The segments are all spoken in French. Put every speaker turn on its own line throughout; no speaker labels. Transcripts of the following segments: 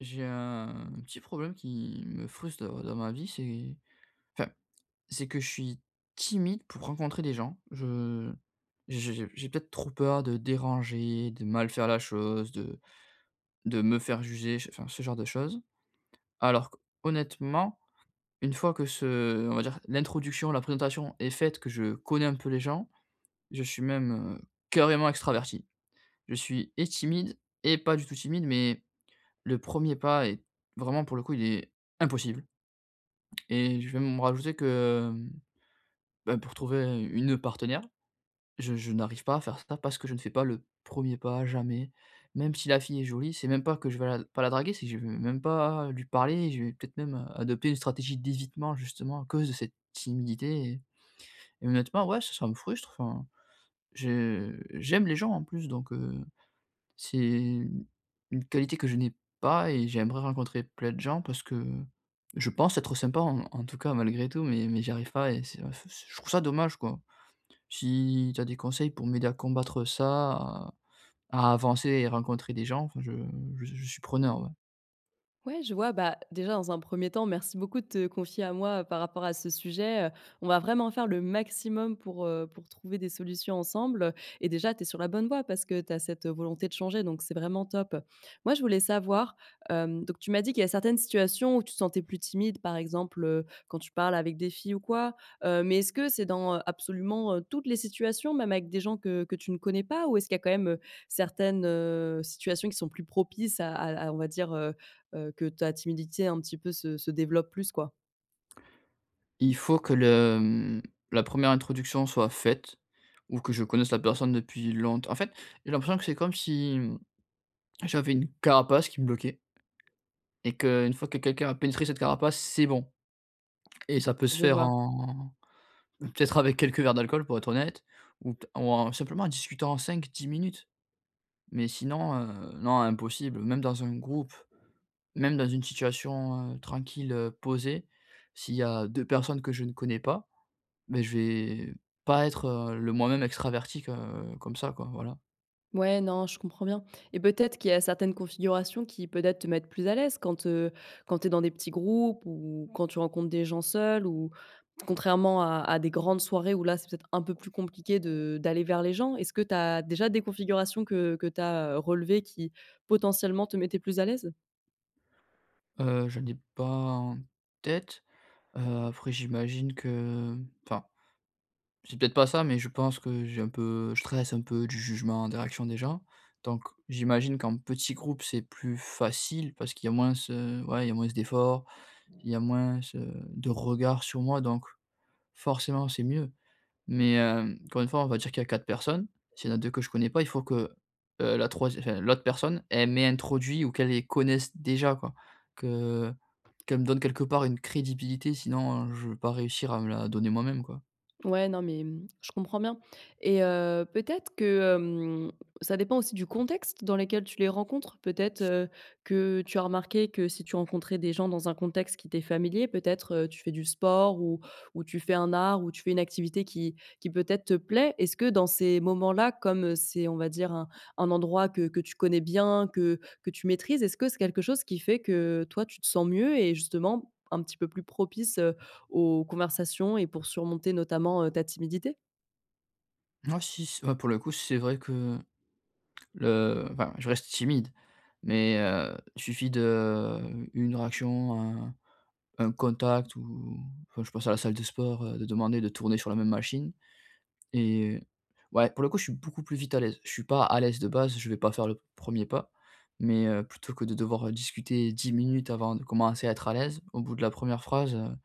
J'ai un petit problème qui me frustre, heu, dans ma vie, c'est enfin, c'est que je suis timide pour rencontrer des gens. Je j'ai j'ai j'ai peut-être trop peur de déranger, de mal faire la chose, de de me faire juger, ch enfin, ce genre de choses. Alors qu'honnêtement, une fois que ce, heu, on va dire l'introduction, la présentation est faite, que je connais un peu les gens, je suis même, heu, carrément extraverti. Je suis et timide et pas du tout timide, mais le 1er pas est vraiment, pour le coup, il est impossible et je vais même rajouter que, hem, bah, pour trouver une partenaire, je je n'arrive pas à faire ça, parce que je ne fais pas le 1er, jamais. Même si la fille est jolie, c'est même pas que je vais la pas la draguer, c'est que je vais même pas lui parler. Je vais peut-être même, heu, adopter une stratégie d'évitement, justement, à cause de cette timidité et et, honnêtement, ouais, ç ça me frustre, enfin. Je j'aime les gens, en plus, donc, heu, c'est une qualité que je n'ai pas et j'aimerais rencontrer plein de gens, parce que, je pense être sympa, en en tout cas, malgré tout, mais mais j'y arrive pas et c'est, heu, f ch je trouve ça dommage, quoi. Si tu as des conseils, pour m'aider à combattre ça à à avancer et rencontrer des gens, enfin, je je je suis preneur, ouais.
Ouais, je vois. Bah, déjà dans un 1er temps, merci beaucoup te confier à moi par rapport à ce sujet, heu, on va vraiment faire le maximum pour, heu, pour trouver des solutions ensemble. Et déjà tu es sur la bonne voie, parce que tu as cette volonté de changer donc c'est vraiment top. Moi, je voulais savoir, hem, donc tu m'as dit qu'il y a certaines situations où tu te sentais plus timide, par exemple, heu, quand tu parles avec des filles ou quoi. Heu mais est-ce que c'est dans, heu, absolument heu toutes les situations même avec des gens que que tu ne connais pas ou est-ce qu'il y a quand même heu, certaines heu situations qui sont plus propices à à on va dire, heu heu, que ta timidité un petit peu se se développe plus, quoi?
Il faut que le, mmh, la 1re introduction soit faite ou que je connaisse la personne depuis longte en fait, j'ai l'impression que c'est comme si, mmh, j'avais une carapace qui me bloquait et qu'une fois que quelqu'un a pénétré cette carapace, c'est bon et ça peut se
Je
faire
vois.
en peut-être avec quelques verres d'alcool, pour être honnête ou pe t ou en simplement, en discutant en 5-10 minutes mais sinon, heu, non impossible! Même dans un groupe, même dans une situation, heu, tranquille heu posée, s'il y a 2 personnes que je ne connais pas, beh je vais pas être heu le moi-même extraverti que comme ça quoi, voilà.
Ouais, non, je comprends bien et peut-être qu'il y a certaines configurations qui, peut-être, te mettent plus à l'aise quand, heu, quand tu es dans des petits groupes ou quand tu rencontres des gens seuls, ou, contrairement à à des grandes soirées, où là, c'est peut-être un peu plus compliqué de d'aller vers les gens. Est-ce que tu as déjà des configurations que que tu as, heu, relevées, qui, potentiellement, te mettaient plus à l'aise?
Heu, j'en ai pas en tête, heu, après, j'imagine que, mmh, enfin, c'est peut-être pas ça, mais je pense que, j'ai un peu je stresse un peu du jugement, des réactions des gens. Donc, j'imagine qu'en petit groupe, c'est plus facile, parce qu'il y a moins ce ouais, il y a moins d'efforts, il y a moins, heu, de regard sur moi, donc forcément c'est mieux. Mais, hem, encore une fois, on va dire qu'il y a 4 personnes, s'il y en a 2 que je connais pas, il faut que, heu, la troisiè enfin, l'autre personne, elle m'introduit ou qu'elle les connaisse déjà, quoi. Que qu'elle me donne, quelque part, une crédibilité, sinon, heu, je vais pas réussir à me la donner moi-même, quoi.
Ouais, non, mais, mmh, je comprends bien et heu, peut-être que, hem, ça dépend aussi du contexte dans lequel tu les rencontres? Peut-être, heu, que tu as remarqué que si tu rencontrais des gens dans un contexte qui t'es familier, peut-être, heu, tu fais du sport ou ou tu fais un art ou tu fais une activité qui qui peut-être te plaît. Est-ce que, dans ces moments-là, comme c'est, on va dire, un un endroit que que tu connais bien, que que tu maîtrises, est-ce que c'est quelque chose qui fait que, heu, toi, tu te sens mieux et justement, un petit peu plus propice, heu, aux conversations et pour surmonter, notamment, heu, ta timidité?
Moi si s heu, pour le coup c'est vrai que le enfin je reste timide mais, heu, suffit de, une réaction, un un un contact ou enfin je pense à la salle de sport, heu, de demander de tourner sur la même machine, et ouais pour le coup je suis beaucoup plus vite à l'aise. Je suis pas à l'aise de base, je vais pas faire le 1er pas, mais, heu, plutôt que de devoir, heu, discuter 10 minutes avant de commencer à être à l'aise, au bout de la 1re phrase, heu,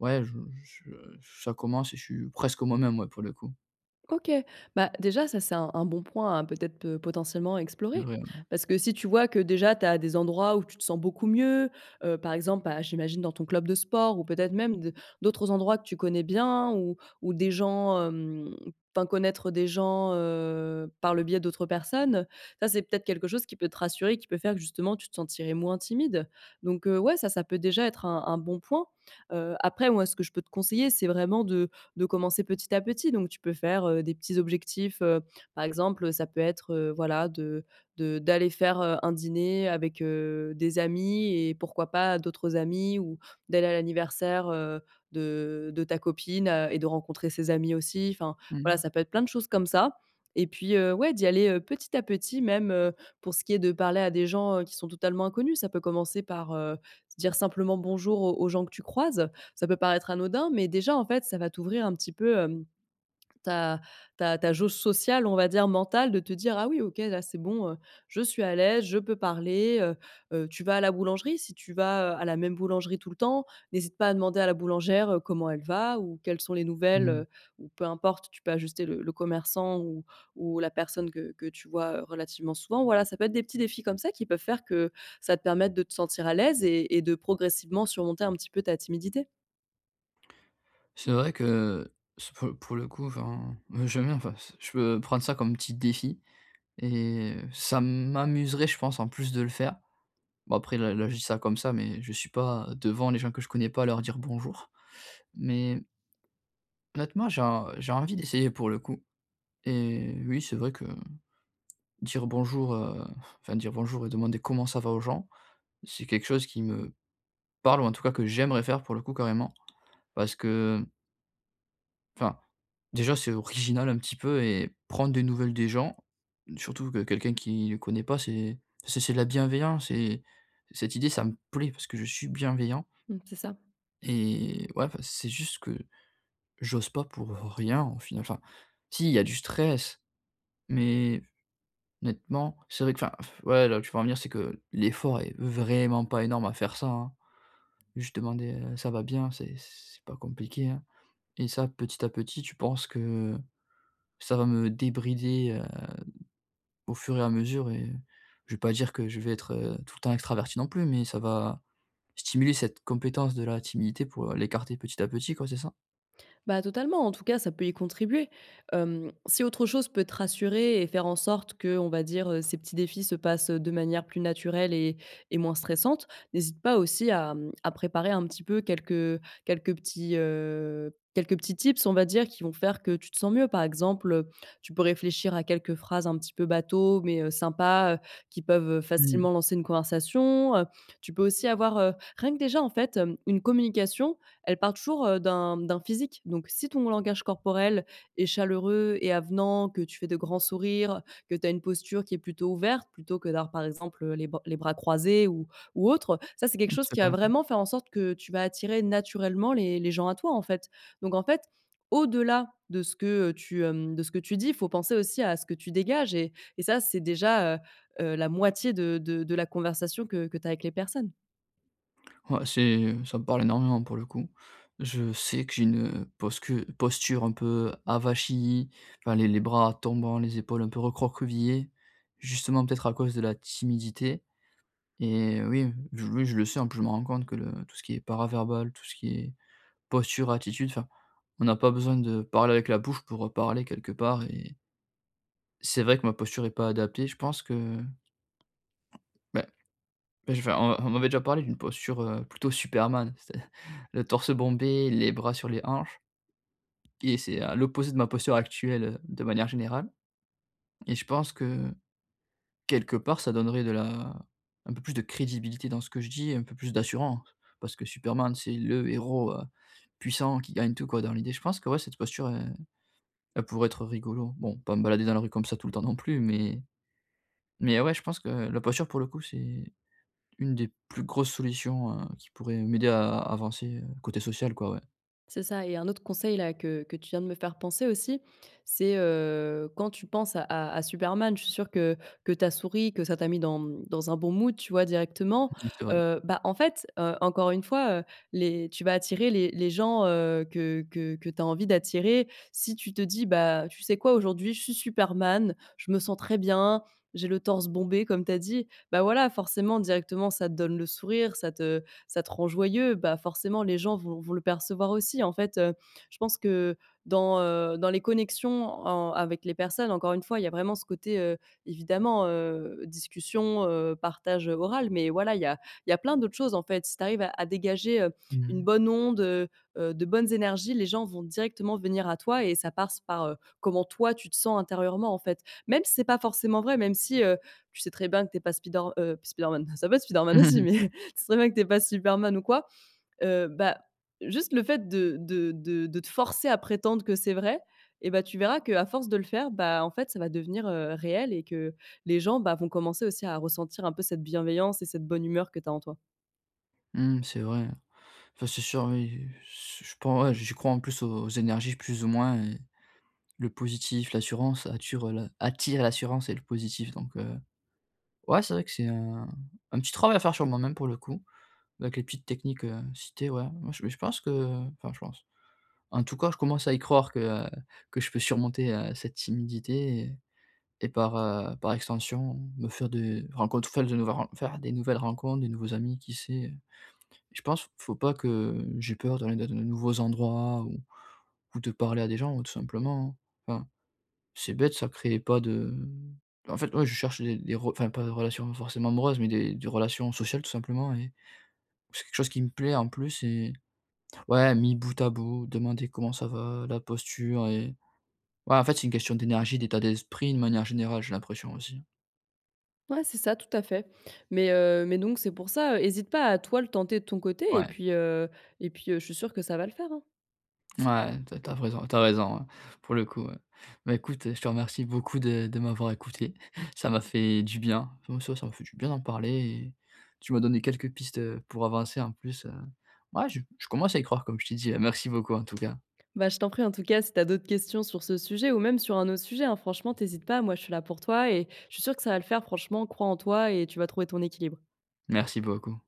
ouais je j je j ça commence et je suis presque moi-même ouais pour le coup.
OK, bah déjà ça c'est un un bon point, hein, peut-être, peut potentiellement à
C'est
explorer.
vrai, ouais.
Parce que si tu vois que déjà tu as des endroits où tu te sens beaucoup mieux, heu, par exemple, bah, j'imagine dans ton club de sport ou peut-être même de d'autres endroits que tu connais bien ou ou des gens, hem enfin connaître des gens, heu, par le biais d'autres personnes, ça c'est peut-être quelque chose qui peut te rassurer, qui peut faire que, justement, tu te sentirais moins timide. Donc, heu, ouais ça, ça peut déjà être un un bon point. Heu, après, moi, ce que je peux te conseiller, c'est vraiment de de commencer petit à petit, donc tu peux faire, heu, des petits objectifs, heu, par exemple, heu, ça peut être, heu, voilà de de d'aller faire, heu, un dîner avec, heu, des amis, et, pourquoi pas, d'autres amis ou d'aller à l'anniversaire, heu, de de ta copine a et de rencontrer ses amis aussi, enfin
Mmh
voilà,
mh.
ça peut être plein de choses comme ça. Et puis, heu, ouais d'y aller, heu, petit à petit, même, heu, pour ce qui est de parler à des gens, heu, qui sont totalement inconnus, ça peut commencer par, heu, se dire simplement «bonjour» aux aux gens que tu croises, ça peut paraître anodin mais déjà, en fait, ça va t'ouvrir un petit peu, hem, ta ta ta jauge sociale, on va dire, mentale, de te dire: «Ah oui OK là c'est bon, heu, je suis à l'aise, je peux parler heu», heu, tu vas à la boulangerie, si tu vas, heu, à la même boulangerie tout le temps, n'hésite pas à demander à la boulangère, heu, comment elle va ou quelles sont les nouvelles,
Mmh.
heu, ou peu importe, tu peux ajuster le le commerçant ou ou la personne que que tu vois, heu, relativement souvent. Voilà, ça peut être des petits défis comme ça, qui peuvent faire que ça te permette de te sentir à l'aise et et de progressivement surmonter un petit peu ta timidité.
C'est vrai que, c pour pour le coup, enfin, b je veux bien, enfin, s je peux prendre ça comme petit défi et, heu, ça m'amuserait, je pense, en plus de le faire. Bon, après, là là je dis ça comme ça, mais je suis pas devant les gens que je connais pas à leur dire «bonjour», mais honnêtement, j'ai en j'ai envie d'essayer pour le coup, et oui, c'est vrai que dire «bonjour», heu, f enfin dire «bonjour» et demander «comment ça va?» aux gens, c'est quelque chose qui me parle ou en tout cas, que j'aimerais faire pour le coup carrément parce que, mmh enfin, déjà, c'est original un petit peu et prendre des nouvelles des gens, surtout que quelqu'un qui le connaît pas, c'est c'est c'est de la bienveillance, et cette idée, ça me plaît parce que je suis bienveillant.
Mmh, c'est ça.
Et ouais, enfin, c'est juste que j'ose pas pour, heu, rien, au final. Enfin si, il y a du stress, mais honnêtement, c'est vrai que enfin, f ouais, là où tu veux en venir, c'est que l l'effort est vraiment pas énorme à faire ça, hein. Juste demander, heu, «ça va bien?», c'est c c'est pas compliqué, hein, et ça, petit à petit, tu penses que ça va me débrider, heu, au fur et à mesure et je vais pas dire que je vais être, heu, tout le temps extraverti non plus, mais ça va stimuler cette compétence de la timidité pour, heu, l'écarter petit à petit, quoi, c'est ça?
Bah, totalement, en tout cas, ça peut y contribuer. Hem, si autre chose peut te rassurer et faire en sorte qu'on va dire, heu, ces petits défis se passent, heu, de manière plus naturelle, et et moins stressante, n'hésite pas aussi à, mmh, à préparer un petit peu quelques, heu, quelques petits, heu, quelques petits tips, on va dire, qui vont faire que, tu te sens mieux. Par exemple, heu, tu peux réfléchir à quelques phrases un petit peu bateau, mais, heu, sympa, heu, qui peuvent, heu,
Mmh.
facilement lancer une conversation. Heu, tu peux aussi avoir, heu rien que déjà, en fait, hem une communication, elle part toujours, heu, d'un d'un physique, donc si ton langage corporel est chaleureux et avenant, que tu fais de grands sourires, que tu as une posture qui est plutôt ouverte plutôt que d'avoir par exemple, heu, les ba les bras croisés ou ou autre, ça, c'est quelque
Mmh,
chose qui
c'est
va
vrai, mmh.
vraiment faire en sorte que tu vas attirer naturellement les les gens à toi, en fait, donc en fait, au-delà de ce que, heu, tu, hem de ce que tu dis, faut penser aussi à ce que tu dégages et et ça, c'est déjà, heu, heu, la moitié de de de la conversation que que tu as avec les personnes.
Ouais, c'est ça me parle énormément, pour le coup. Je sais que j'ai une heu, posque posture un peu avachie, enfin les les bras tombants, les épaules un peu recroquevillées, justement peut-être à cause de la timidité. Et heu, oui, oui, je le sais, en plus, je me rends compte que le tout ce qui est para-verbal, tout ce qui est posture, attitude, enfin, on n'a pas besoin de parler avec la bouche pour heu, parler, quelque part et c'est vrai que ma posture est pas adaptée, je pense que bah, mais je vais enfin on on m'avait déjà parlé d'une posture heu, plutôt Superman, c'est à le torse bombé, les bras sur les hanches, et c'est à l'opposé de ma posture actuelle heu, de manière générale. Et je pense que, quelque part, ça donnerait de la un peu plus de crédibilité dans ce que je dis, un peu plus d'assurant, parce que Superman, c'est le héros heu, puissant, qui gagne tout, quoi, dans l'idée. Je pense que, ouais, cette posture elle elle pourrait être rigolo. Bon, pas me balader dans la rue comme ça tout le temps non plus mais mais, ouais, je pense que la posture, pour le coup, c'est une des plus grosses solutions heu, qui pourraient m'aider à avancer heu, côté social, quoi, ouais.
C'est ça et un autre conseil-là que que tu viens de me faire penser aussi. C'est heu, quand tu penses à à Superman, je suis sûre que que tu as souri, que ça t'a mis dans, mmh, dans un bon mood, tu vois? Directement.
Oui, c'est vrai.
Heu, bah, en fait, heu, encore une fois, heu, les, tu vas attirer les les gens, heu, que que que tu as envie d'attirer, si tu te dis: «Bah, tu sais quoi? Aujourd'hui, je suis superman, je me sens très bien, j'ai le torse bombé», comme tu as dit. Bah, voilà, forcément, directement, ça te donne le sourire, ça te ça te rend joyeux, bah forcément les gens vont vont le percevoir aussi, en fait, heu. Je pense que dans, heu, dans les connexions en avec les personnes encore une fois, il y a vraiment ce côté, heu, évidemment, heu, discussion, heu, partage, heu, oral. Mais voilà il y a il y a plein d'autres choses en fait, si tu arrives à à dégager, heu, une
Mmh.
bonne onde, heu, heu, de bonnes énergies, les gens vont directement venir à toi et ça passe par, heu, comment toi, tu te sens intérieurement en fait. Même si c'est pas forcément vrai, même si, heu, tu sais très bien que tu es pas Spider heu pas Spider-Man, ça va Spider-Man aussi mais, tu sais très bien que tu es pas Superman ou quoi. Heu, bah, juste le fait de de de de te forcer à prétendre que c'est vrai, et bah, tu verras qu'à force de le faire, bah, en fait, ça va devenir, heu, réel et que les gens, bah vont commencer aussi à ressentir un peu cette bienveillance et cette bonne humeur que tu as en toi.
Mmh, c'est vrai. Enfin c'est sûr oui, heu, su je pen ouais, j'y crois, en plus, aux aux énergies, plus ou moins et le positif, l'assurance attirent la attirent l'assurance et le positif, donc heu. Ouais c'est vrai que c'est un un petit travail à faire sur moi-même pour le coup, avec les petites techniques, heu, citées, ouais moi mais je pense que enfin, je pense, en tout cas je commence à y croire que, heu, que je peux surmonter, heu, cette timidité et et par, heu, par extension me faire des rencontres faire des nouvelles ren faire des nouvelles rencontres, des nouveaux amis. Qui sait, heu? Je pense, faut pas que j'ai peur d'aller dans les nouveaux endroits ou ou de parler à des gens tout simplement, hein. Enfin, c'est bête, ça crée pas de en fait, ouais, je cherche des des re enfin pas des relations forcément amoureuses, mais des des relations sociales, tout simplement et c'est quelque chose qui me plaît en plus et ouais, mis bout à bout, demander comment ça va, la posture et ouais, en fait, c'est une question d'énergie, d'état d'esprit de manière générale, j'ai l'impression aussi.
Ouais, c'est ça, tout à fait. Mais, heu, mais donc c'est pour ça, heu, hésite pas, à toi, le tenter de ton côté et
Ouais.
puis, heu et puis, heu, je suis sûre que ça va le faire, hein.
Ouais, tu as tu as raison, tu as raison hein, pour le coup, ouais. Bah, écoute, heu, je te remercie beaucoup de de m'avoir écouté, ça m'a fait du bien. Ouais, ça m'a fait du bien d'en parler et tu m'as donné quelques pistes, heu, pour avancer en plus, heu. Ouais, je je commence à y croire comme je t'ai dit, heu, merci beaucoup, en tout cas.
Bah, je t'en prie, en tout cas, si tu as d'autres questions sur ce sujet ou même sur un autre sujet, hein, franchement tu hésites pas. Moi, je suis là pour toi et je suis sûre que ça va le faire franchement, crois en toi et tu vas trouver ton équilibre.
Merci beaucoup.